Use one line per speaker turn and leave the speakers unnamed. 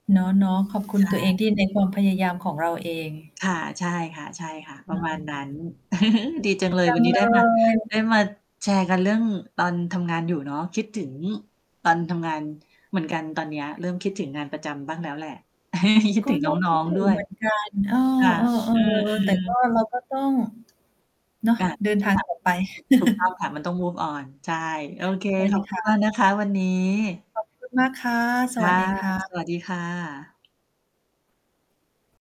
เนาะ ๆ ขอบคุ
ใช
ณตัวเอ
่
งที่ในความพยายามของเราเอง
ค่ะ ใช่ค่ะ ๆ
อ
ปร
ื
ะมาณนั้น
ม
ดีจังเลย
จั
วั
ง
นนี้
เล
ได้มา ไ
ย
ด้มาแชร์กันเรื่องตอนทำงานอยู่เนาะ คิดถึงตอนทำงานเหมือนกันตอนเนี้ย เริ่มคิดถึงงานประจำบ้างแล้วแหละ คิด
ก็
ถึง
น่า
น
ค
้
ิ
อ
ด
ง
ถ
ๆ
ึ
ด้
ง
ว
เ
ย
หมือนกัน เออ
ค่ะ อื
ๆ ๆ แต่
อ
ก
ๆ
็เราก็ต้อง เนาะ
อา
เดิน
ทุ
ท
ก
า
อ
ง
ย่าง
ต่อไป
ถูก ถูกต้องค่ะ มันต้อง move on ใช่ โอเค
ใช่ไ
ข
หม
อบค
ค
ุณ
ะ?
มากนะคะวันนี้
ขอบคุณ มากค่ะ
ค
สว
่ะ
ัสดี ค่
ส
ะ
วัสดีค่ะ